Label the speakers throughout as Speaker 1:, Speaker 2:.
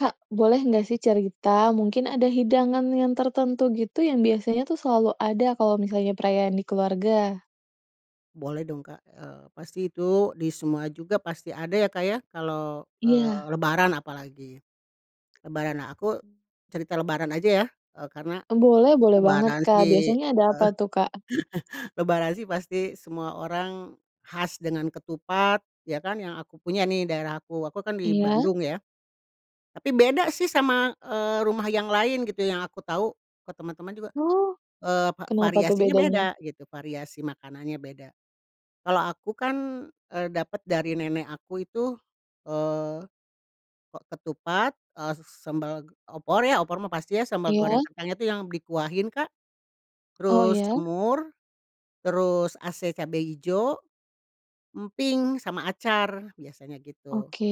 Speaker 1: Kak boleh enggak sih cerita? Mungkin ada hidangan yang tertentu gitu, yang biasanya tuh selalu ada kalau misalnya perayaan di keluarga.
Speaker 2: Boleh dong Kak, eee, pasti itu di semua juga pasti ada ya Kak, ya, kalau, eee
Speaker 1: Iya.
Speaker 2: lebaran apalagi, lebaran nah, aku cerita lebaran aja, ya? Eee, karena
Speaker 1: Oh, boleh boleh banget
Speaker 2: lebaran
Speaker 1: Kak.
Speaker 2: sih
Speaker 1: Biasanya ada apa
Speaker 2: heeh.
Speaker 1: tuh, Kak?
Speaker 2: Lebaran sih pasti semua orang khas dengan ketupat, ya kan? Yang aku punya nih, daerah aku, aku kan di
Speaker 1: Iya.
Speaker 2: Bandung ya, tapi beda sih sama, eee, rumah yang lain gitu. Yang aku tahu, ke teman-teman juga,
Speaker 1: Oh,
Speaker 2: eee, va
Speaker 1: kenapa tuh
Speaker 2: variasinya
Speaker 1: bedanya?
Speaker 2: beda, gitu, variasi makanannya beda. Kalau aku kan, eee, dapat dari nenek aku itu, eee, ke ketupat, eee, s sambal g opor ya. Opor mah pasti ya, sambal goreng
Speaker 1: Iya.
Speaker 2: kacangnya tuh yang dikuahin Kak,
Speaker 1: Oh
Speaker 2: terus
Speaker 1: iya?
Speaker 2: semur, terus ase cabe hijau, emping, sama acar, biasanya gitu.
Speaker 1: Oke.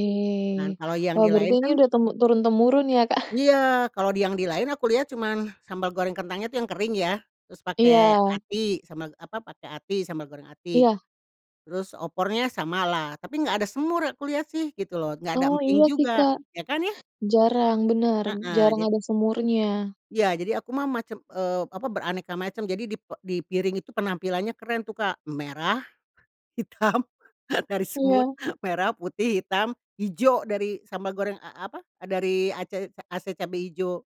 Speaker 2: Nah kalau yang
Speaker 1: Wah,
Speaker 2: di
Speaker 1: berarti
Speaker 2: lain
Speaker 1: ini
Speaker 2: kan
Speaker 1: udah temu turun temurun ya, Kak?
Speaker 2: Iya. Kalau di yang di lain aku lihat cuma sambal goreng kentangnya tuh yang kering ya, terus pakai
Speaker 1: Iya.
Speaker 2: hati, sambal, apa, pakai hati, sambal goreng hati,
Speaker 1: Iya.
Speaker 2: terus opornya samalah, tapi enggak ada semur, aku lihat sih, gitu loh. Enggak ada
Speaker 1: Oh,
Speaker 2: emping
Speaker 1: iya sih
Speaker 2: juga,
Speaker 1: Kak.
Speaker 2: ya kan, ya?
Speaker 1: Jarang, benar,
Speaker 2: Heeh,
Speaker 1: jarang
Speaker 2: jadi
Speaker 1: ada semurnya.
Speaker 2: Iya. Jadi, aku mah macem, eee, apa, beraneka macam. Jadi di pe di piring itu penampilannya keren tuh Kak. Merah, hitam, dari semut,
Speaker 1: Iya.
Speaker 2: merah, putih, hitam, hijau dari sambal goreng, a apa, dari ace ase cabe hijau,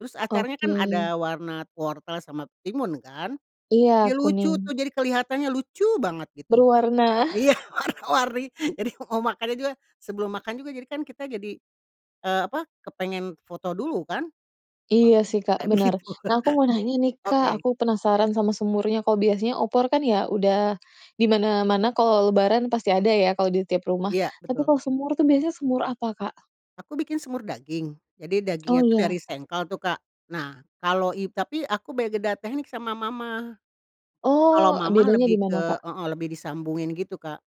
Speaker 2: terus acarnya kan
Speaker 1: Oke.
Speaker 2: ada warna wortel sama timun kan?
Speaker 1: Iya,
Speaker 2: Jadi lucu tuh.
Speaker 1: kuning.
Speaker 2: Jadi kelihatannya lucu banget, gitu.
Speaker 1: Berwarna.
Speaker 2: Iya, warna-warni. Jadi mau makannya juga, sebelum makan juga, jadi kan kita jadi, eee, apa, kepengen foto dulu kan,
Speaker 1: Iya
Speaker 2: "Bagus
Speaker 1: sih
Speaker 2: nih."
Speaker 1: Kak,
Speaker 2: Katanya
Speaker 1: benar.
Speaker 2: begitu.
Speaker 1: Nah, aku mau nanya nih Kak,
Speaker 2: Oke.
Speaker 1: aku penasaran sama semurnya. Kalau biasanya opor kan ya udah, di mana-mana kalau lebaran pasti ada ya, kalau di tiap rumah,
Speaker 2: Iya,
Speaker 1: tapi
Speaker 2: betul.
Speaker 1: kalau semur tuh biasanya semur apa, Kak?
Speaker 2: Aku bikin semur daging. Jadi, dagingnya
Speaker 1: oh
Speaker 2: tuh dari
Speaker 1: iya.
Speaker 2: sengkel tuh Kak. Nah kalo i tapi aku beda teknik sama mamah. Kalau
Speaker 1: Oh, a
Speaker 2: mamah
Speaker 1: bedanya
Speaker 2: lebih
Speaker 1: dimana,
Speaker 2: ke
Speaker 1: Kak?
Speaker 2: heeh, lebih disambungin gitu Kak.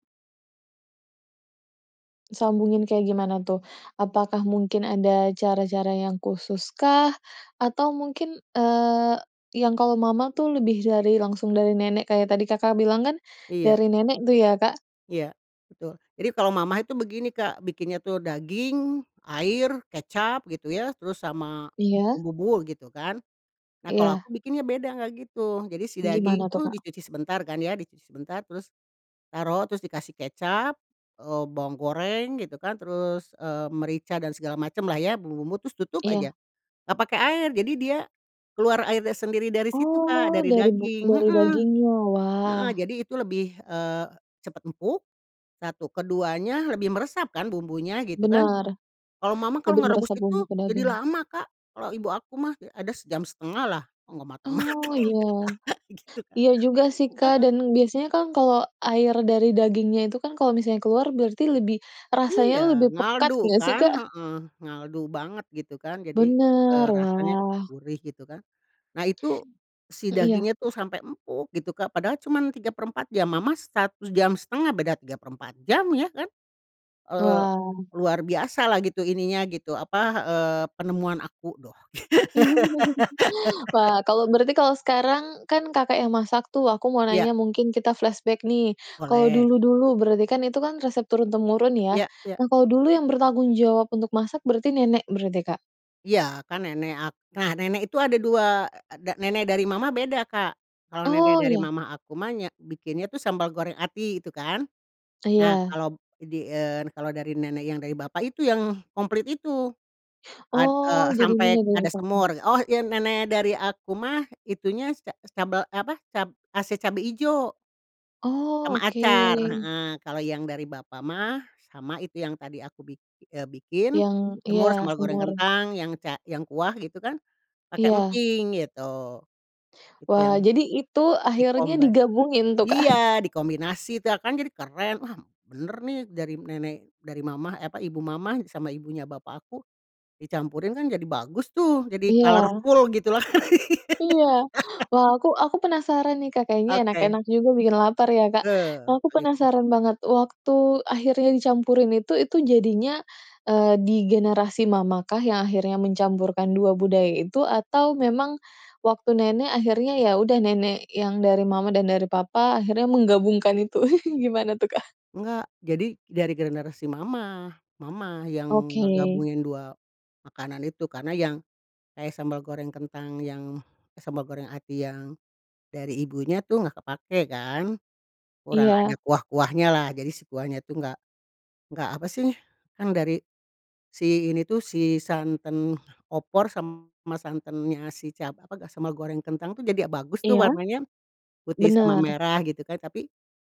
Speaker 1: Disambungin kayak gimana tuh? Apakah mungkin ada cara-cara yang khususkah? Atau mungkin, eee, yang kalau mama tuh lebih dari langsung dari nenek, kayak tadi Kakak bilang kan
Speaker 2: Iya.
Speaker 1: dari nenek tuh ya, Kak?
Speaker 2: Iya, betul. Jadi, kalau mamah itu begini Kak bikinnya tuh daging, air, kecap, gitu ya, terus sama
Speaker 1: Iya.
Speaker 2: bumbu-bumbu, gitu kan. Nah, kalau
Speaker 1: Iya.
Speaker 2: aku bikinnya beda enggak gitu. Jadi si daging
Speaker 1: Gimana tuh,
Speaker 2: tuh
Speaker 1: Kak?
Speaker 2: dicuci sebentar, kan ya, dicuci sebentar, terus taruh, terus dikasih kecap, eee, bawang goreng, gitu kan, terus, eee, merica dan segala macamlah ya bumbu-bumbu, terus tutup aja.
Speaker 1: Iya.
Speaker 2: Enggak pakai air. Jadi dia keluar airnya sendiri dari situ Kak,
Speaker 1: Oh,
Speaker 2: dari
Speaker 1: dari bu
Speaker 2: daging,
Speaker 1: dari
Speaker 2: heeh,
Speaker 1: dagingnya, wah.
Speaker 2: heeh, jadi itu lebih, eee, cepat empuk, satu. Keduanya lebih meresap kan bumbunya, gitu kan.
Speaker 1: Benar.
Speaker 2: Kalau mamah, kalau
Speaker 1: Lebih
Speaker 2: ngerebus
Speaker 1: meresap
Speaker 2: itu
Speaker 1: bumbu ke
Speaker 2: jadi
Speaker 1: daging.
Speaker 2: lama Kak. Kalau ibu aku mah ada 1.5-lah enggak mateng
Speaker 1: Oh
Speaker 2: mateng ini
Speaker 1: iya.
Speaker 2: Kak, gitu Kak.
Speaker 1: Iya juga sih Kak
Speaker 2: Heeh.
Speaker 1: dan biasanya kan kalau air dari dagingnya itu kan, kalau misalnya keluar berarti lebih, rasanya
Speaker 2: Iya,
Speaker 1: lebih pekat
Speaker 2: ngaldu
Speaker 1: enggak sih,
Speaker 2: kan.
Speaker 1: Kak?
Speaker 2: Heeh. Ngaldu banget, gitu kan. Jadi,
Speaker 1: Benar,
Speaker 2: eee, rasanya, aduh
Speaker 1: wah.
Speaker 2: gurih, gitu kan. Nah, itu si
Speaker 1: Eh, iya.
Speaker 2: dagingnya tuh sampai empuk, gitu Kak. Padahal cuma 3/4 jam, mamah 1.5 beda 3/4 jam, iya kan? Eee,
Speaker 1: Wah.
Speaker 2: luar biasalah gitu, ininya gitu, apa, eee, penemuan aku doh.
Speaker 1: Wah, kalau berarti, kalau sekarang kan Kakak yang masak tuh. Aku mau
Speaker 2: Iya.
Speaker 1: tanya, mungkin kita flashback nih, kalau
Speaker 2: Boleh.
Speaker 1: dulu-dulu berarti kan itu kan resep turun-temurun, ya?
Speaker 2: Iya iya.
Speaker 1: Nah, kalau dulu yang bertanggung jawab untuk masak berarti, nenek berarti, Kak?
Speaker 2: Iya. Kan nenek ak nah, nenek itu ada 2 eee, ada nenek dari mamah beda Kak. Kalau nenek
Speaker 1: Oh,
Speaker 2: dari
Speaker 1: iya.
Speaker 2: mamah aku mah nya bikinnya itu sambal goreng hati, gitu kan. Nah,
Speaker 1: Iya.
Speaker 2: kalau di, eee, n kalau dari nenek yang dari bapak itu yang komplit itu, ad eee,
Speaker 1: Oh, jadi
Speaker 2: sampai
Speaker 1: nenek dari
Speaker 2: ada
Speaker 1: papah.
Speaker 2: semur. Oh iya nenek dari aku mah itunya si ca eee, sicabel, eh apa, cab ase cabe ijo
Speaker 1: Oh,
Speaker 2: sama acar,
Speaker 1: oke.
Speaker 2: heeh. Kalau yang dari bapak mah, sama itu yang tadi aku bik eee, bikin
Speaker 1: Yang, iya
Speaker 2: semur sambel goreng
Speaker 1: semur.
Speaker 2: kentang, yang ca yang kuah, gitu kan, pakai
Speaker 1: Iya.
Speaker 2: emping, gitu. Gitu yang
Speaker 1: Wah. Jadi itu akhirnya
Speaker 2: di-combine
Speaker 1: digabungin tuh, Kak?
Speaker 2: iya dikombinasi itu ya kan jadi keren, "Wah, benar nih, dari nenek dari mamah," eh apa, "ibu mamah sama ibunya bapak aku." Dicampurin kan jadi bagus tuh, jadi
Speaker 1: Iya.
Speaker 2: colorful, gitu loh.
Speaker 1: Iya. Wah, aku aku penasaran nih Kak, kayaknya
Speaker 2: Oke.
Speaker 1: enak-enak juga bikin lapar ya Kak.
Speaker 2: Eh,
Speaker 1: Aku
Speaker 2: begitu.
Speaker 1: penasaran banget. Waktu akhirnya dicampurin itu, itu jadinya, eee, di generasi mamahkah yang akhirnya mencampurkan 2 budaya itu? Atau memang waktu nenek? Akhirnya ya udah, nenek yang dari mama dan dari papa, akhirnya menggabungkan itu? gimana tuh, Kak?
Speaker 2: Enggak. Jadi, dari generasi mamah. Mamah yang
Speaker 1: Oke.
Speaker 2: ngegabungin 2 makanan itu karena yang kayak sambal goreng kentang yang, eh, sambal goreng hati yang dari ibunya tuh enggak kepakai kan. Kurang ada
Speaker 1: Iya.
Speaker 2: kuah-kuahnyalah jadi si kuahnya tuh enggak, enggak apa sih, kan dari si ini tuh, si santan opor sama santannya si cab apa, ga sambal goreng kentang tuh jadi a bagus tuh
Speaker 1: Iya.
Speaker 2: warnanya. Putih sama
Speaker 1: Benar.
Speaker 2: merah gitu kan, tapi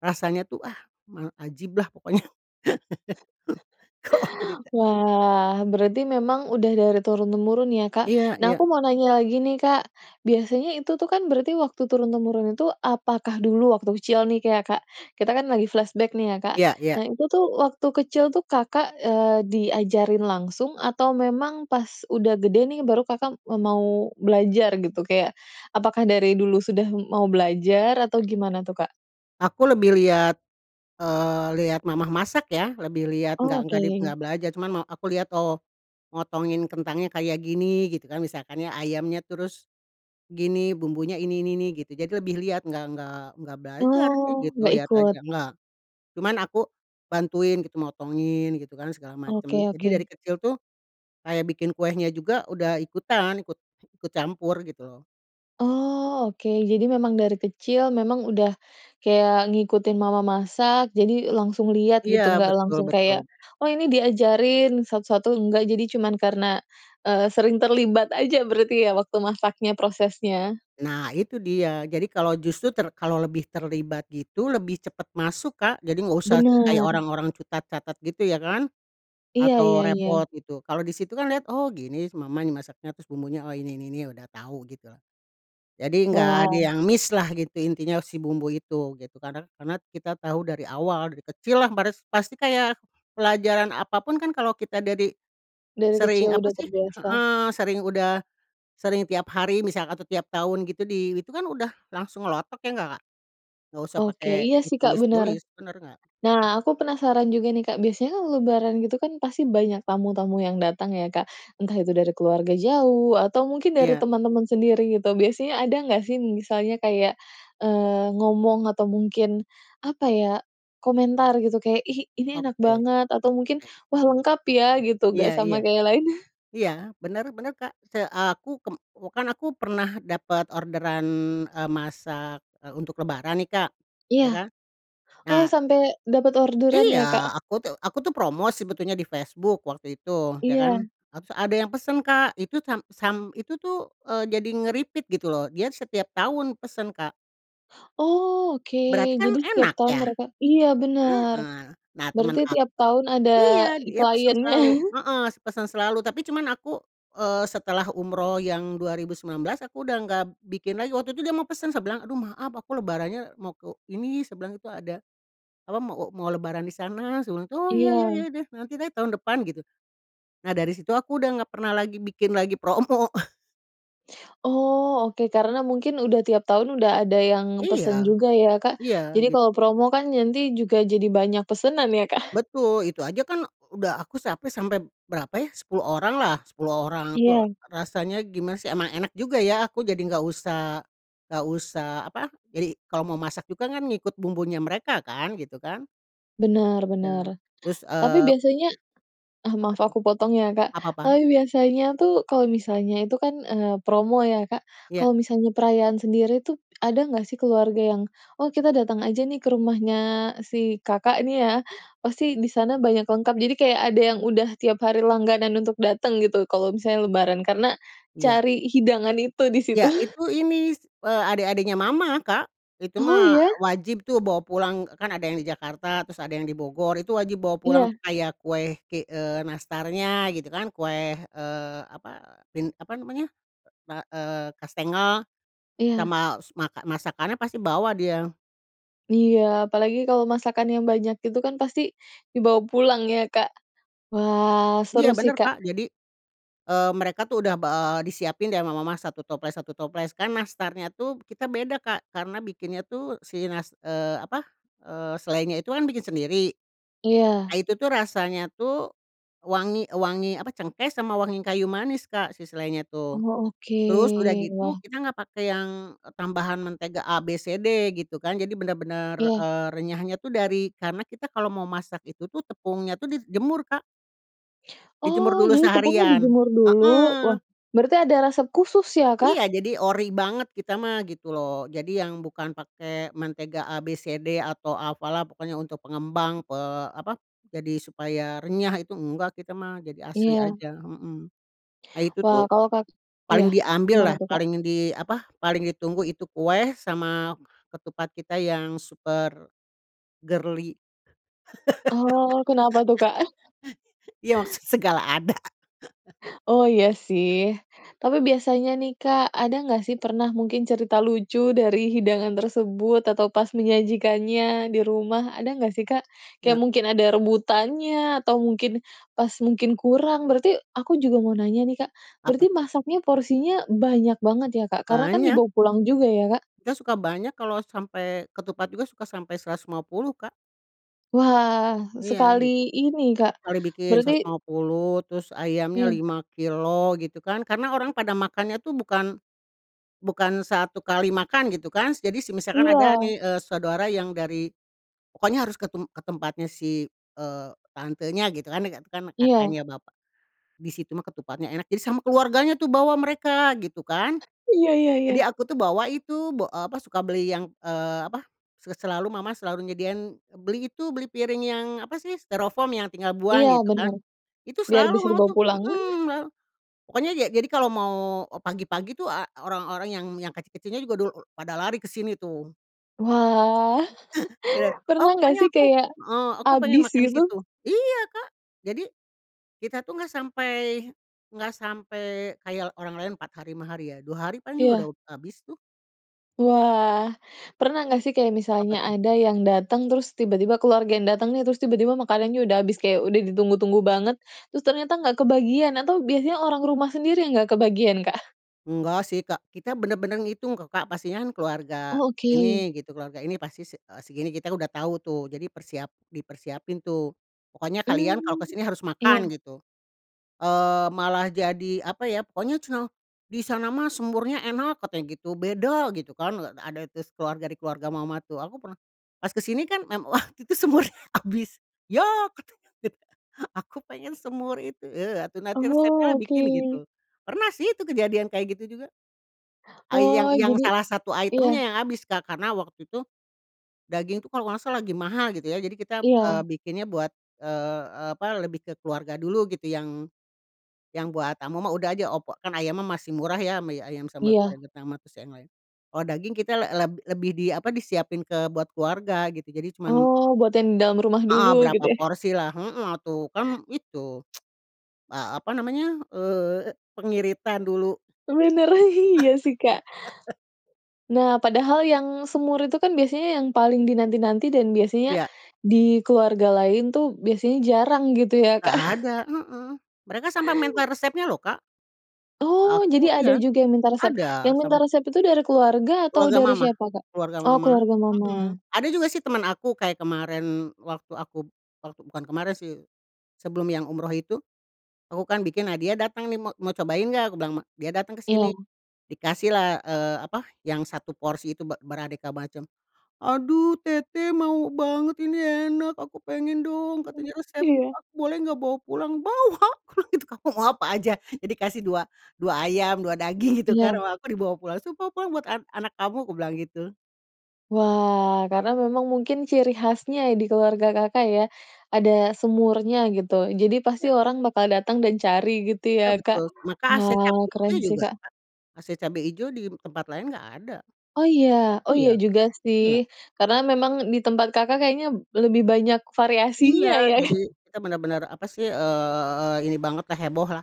Speaker 2: rasanya tuh ah, ma ajiblah pokoknya. Oh, cerita.
Speaker 1: Wah. Berarti memang udah dari turun-temurun ya, Kak?
Speaker 2: Iya
Speaker 1: Nah,
Speaker 2: iya.
Speaker 1: aku mau tanya lagi nih Kak. Biasanya itu tuh kan berarti waktu turun-temurun itu, apakah dulu waktu kecil nih k ya Kak, kita kan lagi flashback nih ya Kak,
Speaker 2: Iya iya.
Speaker 1: nah itu tuh waktu kecil tuh Kakak, eee, diajarin langsung? Atau memang pas udah gede nih baru Kakak m mau belajar, gitu? Kayak apakah dari dulu sudah mau belajar atau gimana tuh, Kak?
Speaker 2: Aku lebih lihat, eee, lihat mamah masak ya. Lebih lihat, enggak enggak dip
Speaker 1: Oke.
Speaker 2: enggak belajar cuman ma aku lihat, "Oh motongin kentangnya kayak gini," gitu kan, misalkan ya, "ayamnya, terus gini bumbunya ini, ini, ini." gitu. Jadi lebih lihat enggak enggak enggak belajar sih
Speaker 1: Oh,
Speaker 2: gitu,
Speaker 1: engga
Speaker 2: lihat
Speaker 1: ikut.
Speaker 2: aja. Enggak, cuman aku bantuin gitu, motongin gitu kan segala
Speaker 1: Oke
Speaker 2: macam. Jadi dari
Speaker 1: oke.
Speaker 2: kecil tuh, kayak bikin kuenya juga udah ikutan, ikut ikut campur, gitu loh.
Speaker 1: Oh, oke. Jadi memang dari kecil, memang udah kayak ngikutin mamah masak. Jadi langsung lihat
Speaker 2: Iya,
Speaker 1: gitu. Enggak
Speaker 2: betul
Speaker 1: langsung kayak,
Speaker 2: betul.
Speaker 1: "Oh ini diajarin satu-satu." Enggak, jadi cuman karena, eee, sering terlibat aja berarti ya waktu masaknya, prosesnya.
Speaker 2: Nah itu dia, jadi kalau justru ter kalau lebih terlibat gitu lebih cepat masuk Kak. Jadi enggak usah kayak
Speaker 1: Benar.
Speaker 2: orang-orang cutat catat, gitu ya kan,
Speaker 1: Iya iya
Speaker 2: atau repot
Speaker 1: iya.
Speaker 2: gitu. Kalau di situ kan lihat, "Oh, gini si mamah nih masaknya, terus bumbunya oh ini, ini, ini, ya udah tahu." Gitu loh. Jadi enggak ada
Speaker 1: Wah.
Speaker 2: yang miss-lah, gitu. Intinya si bumbu itu gitu kadang karena kita tahu dari awal, dari kecillah baris pasti kayak pelajaran apa pun kan kalau kita ada di
Speaker 1: Dari
Speaker 2: sering,
Speaker 1: kecil
Speaker 2: apa
Speaker 1: udah
Speaker 2: sih,
Speaker 1: terbiasa.
Speaker 2: heeh, sering, udah sering tiap hari misal atau tiap tahun gitu, di itu kan udah langsung ngelotok, iya enggak Kak? Enggak usah
Speaker 1: Oke.
Speaker 2: pakai
Speaker 1: Iya sih Kak, benar.
Speaker 2: ditulis-tulis, benar enggak?
Speaker 1: Nah, aku penasaran juga nih Kak. Biasanya kan lebaran gitu kan pasti banyak tamu-tamu yang datang ya, Kak? Entah itu dari keluarga jauh atau mungkin dari
Speaker 2: Iya.
Speaker 1: teman-teman sendiri, gitu, biasanya ada enggak sih, misalnya kayak, eee, ngomong atau mungkin, apa ya, komentar, gitu, kayak, "Ih, ini enak
Speaker 2: Oke,
Speaker 1: banget," atau mungkin,
Speaker 2: oke.
Speaker 1: "wah lengkap ya." Gitu
Speaker 2: Iya
Speaker 1: enggak
Speaker 2: iya.
Speaker 1: sama kayak lain?
Speaker 2: Iya, benar benar Kak. Se aku kem wah, kan aku pernah dapat orderan, eee, masak, eee, untuk lebaran nih Kak, ya
Speaker 1: Iya.
Speaker 2: kan.
Speaker 1: Oh,
Speaker 2: Nah
Speaker 1: sampai dapat orderan
Speaker 2: Iya.
Speaker 1: ya, Kak?
Speaker 2: Aku tuh aku tuh promosi sebetulnya di Facebook waktu itu, ya kan.
Speaker 1: Iya.
Speaker 2: Nah terus ada yang pesan Kak. Itu sam sam itu tuh, eee, jadi nge-repeat gitu loh dia setiap tahun pesan Kak.
Speaker 1: Oh, oke.
Speaker 2: Berarti kan
Speaker 1: Jadi setiap
Speaker 2: enak,
Speaker 1: tahun
Speaker 2: ya?
Speaker 1: mereka iya benar.
Speaker 2: Heeh. Nah, teman
Speaker 1: Berarti
Speaker 2: ak
Speaker 1: tiap tahun ada
Speaker 2: iya
Speaker 1: i
Speaker 2: dia pesan
Speaker 1: kliennya.
Speaker 2: selalu, heeh, si pesan selalu, tapi cuman aku, eee, setelah umroh yang 2019, aku udah enggak bikin lagi. Waktu itu dia mau pesan, saya bilang, "Aduh maaf aku lebarannya mau ke ini," saya bilang gitu, "ada," apa, "mau," e "mau lebaran di sana." Terus bilang, "Oh iya iya iya
Speaker 1: Iya.
Speaker 2: deh. Nanti deh tahun depan." Gitu. Nah, dari situ aku udah enggak pernah lagi bikin lagi promo.
Speaker 1: Oh, oke, karena mungkin udah tiap tahun, udah ada yang pesan
Speaker 2: Iya.
Speaker 1: juga ya Kak.
Speaker 2: Ya
Speaker 1: Jadi
Speaker 2: git
Speaker 1: kalau promo kan nanti juga jadi banyak pesanan ya, Kak?
Speaker 2: Betul. Itu aja kan udah aku sampai sampai, berapa ya, 10 oranglah 10 orang itu
Speaker 1: Iya.
Speaker 2: rasanya, gimana sih, emang enak juga ya. Aku jadi enggak usah enggak usah, apa, jadi kalau mau masak juga kan ngikut bumbunya mereka kan, gitu kan.
Speaker 1: Benar
Speaker 2: Iya kan.
Speaker 1: benar,
Speaker 2: Terus,
Speaker 1: tapi
Speaker 2: eee
Speaker 1: biasanya ah,
Speaker 2: Apa
Speaker 1: maaf
Speaker 2: tuh?
Speaker 1: aku potong ya Kak,
Speaker 2: Apa apa?
Speaker 1: tapi biasanya tuh kalau misalnya itu kan, eee, promo ya, Kak?
Speaker 2: Iya.
Speaker 1: Kalau misalnya perayaan sendiri itu, ada enggak sih keluarga yang, "Oh kita datang aja nih ke rumahnya si Kakak," nih ya, "pasti di sana banyak lengkap." Jadi, kayak ada yang udah tiap hari langganan untuk datang gitu kalau misalnya lebaran karena
Speaker 2: Iya.
Speaker 1: cari hidangan itu di situ.
Speaker 2: Iya. Itu ini s eee, adik-adiknya mamah Kak. Itu
Speaker 1: Oh,
Speaker 2: mah
Speaker 1: iya?
Speaker 2: wajib tuh bawa pulang, kan ada yang di Jakarta terus ada yang di Bogor. Itu wajib bawa pulang
Speaker 1: Iya.
Speaker 2: tuh. Kayak kue ki eee, nastarnya gitu kan, kue, eee, apa bin apa namanya, ka eee, kastengel
Speaker 1: Iya.
Speaker 2: sama su maka masakannya pasti bawa dia.
Speaker 1: Iya. Apalagi kalau masakan yang banyak gitu kan, pasti dibawa pulang ya, Kak? Wah
Speaker 2: Iya
Speaker 1: seru sih
Speaker 2: benar
Speaker 1: Kak.
Speaker 2: Kak. Jadi, eee, mereka tuh udah ba eee, disiapin dari rumah mamah 1 toples 1 toples. Kan nastarnya tuh kita beda Kak karena bikinnya tuh si nas eee, apa, eee, selainya itu kan bikin sendiri. Nah,
Speaker 1: Iya.
Speaker 2: itu tuh rasanya tuh wangi wangi, apa, cengkeh sama wangi kayu manis Kak si selainya tuh.
Speaker 1: Oh, oke,
Speaker 2: Terus udah gitu
Speaker 1: wah.
Speaker 2: kita enggak pakai yang e tambahan mentega A, B, C, D, gitu kan. Jadi benar-benar,
Speaker 1: Iya.
Speaker 2: eee, renyahnya tuh dari karena kita kalau mau masak itu tuh tepungnya tuh dijemur Kak. Dijemur
Speaker 1: Oh,
Speaker 2: dulu
Speaker 1: jadi tepungnya
Speaker 2: seharian.
Speaker 1: dijemur dulu. Wah,
Speaker 2: Heeh.
Speaker 1: berarti ada resep khusus ya Kak?
Speaker 2: Iya. Jadi ori banget kita mah gitu loh. Jadi yang bukan pakai mentega A, B, C, D, atau apalah pokoknya untuk pengembang pe apa, jadi supaya renyah itu enggak kita mah. Jadi asli
Speaker 1: Iya.
Speaker 2: aja. Hmm. Nah, itu
Speaker 1: Wow,
Speaker 2: tuh
Speaker 1: kalau Kak iya,
Speaker 2: paling
Speaker 1: gimana
Speaker 2: diambillah
Speaker 1: tuh, Kak?
Speaker 2: paling di, apa, paling ditunggu itu kue sama ketupat kita yang super girly.
Speaker 1: Oh, kenapa tuh, Kak?
Speaker 2: iya maksud segala ada.
Speaker 1: Oh, iya sih, tapi biasanya nih Kak, ada enggak sih pernah, mungkin cerita lucu dari hidangan tersebut atau pas menyajikannya di rumah, ada enggak sih, Kak? kayak
Speaker 2: Iya.
Speaker 1: mungkin ada rebutannya atau mungkin, pas mungkin kurang. Berarti, aku juga mau nanya nih Kak, berarti
Speaker 2: Apa tuh?
Speaker 1: masaknya porsinya banyak banget ya Kak? Karena kan
Speaker 2: Banyak.
Speaker 1: dibawa pulang juga ya Kak.
Speaker 2: Kita suka banyak kalau sampai ketupat juga suka sampai 150 Kak.
Speaker 1: Wah,
Speaker 2: Iya gitu.
Speaker 1: sekali ini Kak,
Speaker 2: Sekali bikin seratus
Speaker 1: berarti
Speaker 2: lima puluh, terus ayamnya
Speaker 1: Iya.
Speaker 2: 5 kilogram gitu kan, karena orang pada makannya tuh bukan, bukan satu kali makan, gitu kan. Jadi semisalkan ada
Speaker 1: Iya.
Speaker 2: nih, eee, saudara yang dari pokoknya harus ke tem ke tempatnya si, eee, tantenya, gitu kan. Kan
Speaker 1: Iya.
Speaker 2: kakaknya bapak di situ mah ketupatnya enak jadi sama keluarganya tuh bawa mereka, gitu kan.
Speaker 1: Iya iya
Speaker 2: Jadi
Speaker 1: iya.
Speaker 2: aku tuh bawa itu ba eee, suka beli yang, eee, apa, se selalu mamah selalu nyediain beli itu, beli piring yang, apa sih, stirofoam yang tinggal
Speaker 1: Iya.
Speaker 2: buang, gitu kan.
Speaker 1: Benar.
Speaker 2: Itu
Speaker 1: Biar
Speaker 2: selalu
Speaker 1: bisa
Speaker 2: mamah
Speaker 1: dibawa
Speaker 2: tuh
Speaker 1: pulang.
Speaker 2: hmm, pokoknya ja jadi kalau mau e pagi-pagi tuh a orang-orang yang yang kecil-kecilnya juga udah pada lari ke sini tuh.
Speaker 1: wah,
Speaker 2: Benar. Ah,
Speaker 1: pernah enggak
Speaker 2: pokoknya
Speaker 1: sih
Speaker 2: aku
Speaker 1: kayak
Speaker 2: heeh, aku pengen
Speaker 1: habis
Speaker 2: makan di
Speaker 1: gitu?
Speaker 2: situ. Iya Kak. Jadi, kita tuh enggak sampai enggak sampai kayak orang lain 4 hari 5 hari ya, 2 hari paling juga
Speaker 1: Iya.
Speaker 2: udah habis tuh.
Speaker 1: Wah. Pernah enggak sih kayak,
Speaker 2: Apa
Speaker 1: misalnya
Speaker 2: tuh?
Speaker 1: ada yang datang terus, tiba-tiba, keluarga yang datang nih, terus tiba-tiba makanannya udah habis? Kayak udah ditunggu-tunggu banget, terus ternyata enggak kebagian atau biasanya orang rumah sendiri yang enggak kebagian, Kak?
Speaker 2: Enggak sih Kak. Kita benar-benar ngitung kok Kak. Pastinya kan keluarga
Speaker 1: Oh, oke.
Speaker 2: ini, gitu. Keluarga ini pasti se eee, segini. Kita udah tahu tuh jadi persiap dipersiapin tuh. Pokoknya kalian kalau ke
Speaker 1: Mmm,
Speaker 2: sini harus makan,
Speaker 1: iya.
Speaker 2: gitu. Eee, malah jadi, apa ya, pokoknya ceunah, "Di sana mah semurnya enak," katanya gitu, "beda." Gitu kan. Eee, ada terus keluarga di keluarga mamah tuh aku pernah pas kesini kan mem waktu itu semurnya habis, "Yah!" Katanya gitu kan, "Aku pengen semur itu." "Eee, atuh nanti
Speaker 1: Oh,
Speaker 2: resepnyalah bikin."
Speaker 1: oke.
Speaker 2: Gitu. Pernah sih itu kejadian kayak gitu juga. Ai yang
Speaker 1: Oh,
Speaker 2: yang
Speaker 1: jadi
Speaker 2: salah satu item-nya
Speaker 1: iya.
Speaker 2: yang habis Kak karena waktu itu daging itu kalau enggak salah lagi mahal, gitu ya. Jadi kita,
Speaker 1: Iya.
Speaker 2: eee, bikinnya buat, eee eee, apa, lebih ke keluarga dulu gitu, yang yang buat tamu mah udah aja opor. Kan ayamnya masih murah ya, mi, ayam sambal
Speaker 1: Iya.
Speaker 2: goreng kentang mah terus yang lain. Kalau daging kita le leb lebih di, apa, disiapin ke buat keluarga gitu jadi cuman
Speaker 1: Oh, buat yang dalam rumah
Speaker 2: Heeh.
Speaker 1: dulu gitu,
Speaker 2: Berapa
Speaker 1: ya?
Speaker 2: porsilah, heeh, atuh kan itu, eee, apa namanya, eee, pengiritan dulu.
Speaker 1: Sebenarnya iya sih Kak. Nah, padahal yang semur itu kan biasanya yang paling dinanti-nanti dan biasanya
Speaker 2: Iya.
Speaker 1: di keluarga lain tuh biasanya jarang gitu ya Kak?
Speaker 2: Enggak ada. Heeh. Mereka sampai minta resepnya loh Kak
Speaker 1: Oh.
Speaker 2: ke aku.
Speaker 1: Jadi ada
Speaker 2: Iya,
Speaker 1: juga yang minta resep?
Speaker 2: ada
Speaker 1: Yang minta
Speaker 2: sama.
Speaker 1: resep itu dari keluarga atau
Speaker 2: Keluarga
Speaker 1: dari
Speaker 2: mamah
Speaker 1: siapa, Kak?
Speaker 2: keluarga
Speaker 1: Oh
Speaker 2: mamah,
Speaker 1: keluarga
Speaker 2: hmm.
Speaker 1: Mamah.
Speaker 2: Ada juga sih teman aku kayak kemarin waktu aku, bukan bukan kemarin sih, sebelum yang umroh itu. Aku kan bikin, nah dia datang nih, ma "Mau cobain enggak?" Aku bilang ma dia datang ke sini
Speaker 1: Iya.
Speaker 2: dikasihlah, eee, apa, yang 1 porsi itu be beraneka macam, "Aduh teteh mau banget ini, enak aku pengen dong,"
Speaker 1: Hmm,
Speaker 2: katanya "resepnya
Speaker 1: iya.
Speaker 2: aku boleh enggak bawa pulang?" Bawa. Bilang gitu ke aku, "Mau apa aja? Nih dikasih," dua "dua ayam, 2 daging." Gitu kan,
Speaker 1: Iya.
Speaker 2: "Wah aku dibawa pulang." Terus, "pulang pulang buat an anak kamu." Aku bilang gitu.
Speaker 1: Wah, karena memang mungkin ciri khasnya di keluarga Kakak ya, ada semurnya, gitu. Jadi pasti
Speaker 2: Iya.
Speaker 1: orang bakal datang dan cari gitu ya,
Speaker 2: Iya
Speaker 1: Kak?
Speaker 2: betul, sama Kak ase
Speaker 1: Wah,
Speaker 2: cabe
Speaker 1: keren
Speaker 2: ijo
Speaker 1: sih
Speaker 2: juga
Speaker 1: Kak.
Speaker 2: Kak. Ase cabe ijo di tempat lain enggak ada.
Speaker 1: Oh iya? Oh iya
Speaker 2: Iya,
Speaker 1: juga sih
Speaker 2: iya.
Speaker 1: karena kan memang di tempat Kakak kayaknya lebih banyak
Speaker 2: Iya.
Speaker 1: variasinya, ya?
Speaker 2: Jadi kita benar-benar, apa sih, eee, ini bangetlah hebohlah.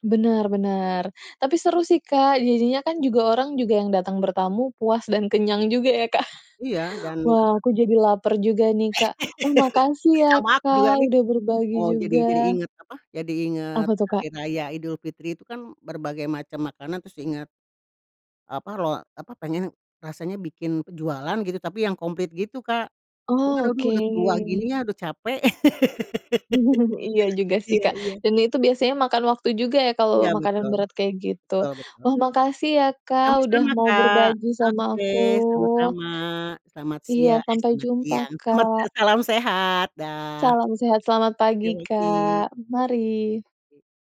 Speaker 1: Benar benar, tapi seru sih Kak. Jadinya kan juga, orang juga yang datang bertamu puas dan kenyang juga ya Kak.
Speaker 2: Iya dan
Speaker 1: Wah,
Speaker 2: apa
Speaker 1: aku jadi laper juga nih Kak. Wah, makasih ya
Speaker 2: Sama aku juga
Speaker 1: Kak
Speaker 2: nih.
Speaker 1: udah berbagi
Speaker 2: Eee, jadi jadi
Speaker 1: juga.
Speaker 2: inget, apa, jadi inget
Speaker 1: Apa tuh, Kak?
Speaker 2: hari raya Idulfitri. Itu kan berbagai macam makanan terus ingat apa loa apa pengennya, rasanya bikin pe jualan gitu, tapi yang komplit gitu Kak. Cuma
Speaker 1: Oh,
Speaker 2: aduh udah tua gini
Speaker 1: oke.
Speaker 2: ya udah capek,
Speaker 1: Iya juga sih
Speaker 2: iya
Speaker 1: Kak
Speaker 2: iya.
Speaker 1: dan itu biasanya makan waktu juga ya kalau
Speaker 2: Iya,
Speaker 1: makanan
Speaker 2: betul.
Speaker 1: berat kayak gitu.
Speaker 2: Betul betul.
Speaker 1: Wah, makasih ya Kak udah
Speaker 2: Sama-sama
Speaker 1: mau
Speaker 2: Kak.
Speaker 1: berbagi sama
Speaker 2: Oke.
Speaker 1: aku.
Speaker 2: Sama-sama. Selamat
Speaker 1: Iya.
Speaker 2: sia eh
Speaker 1: Sampai
Speaker 2: selamat
Speaker 1: jumpa
Speaker 2: siang, selamat
Speaker 1: Kak.
Speaker 2: salam sehat, dah.
Speaker 1: Salam sehat. Selamat pagi
Speaker 2: Yuk lagi.
Speaker 1: Kak. Mari.
Speaker 2: E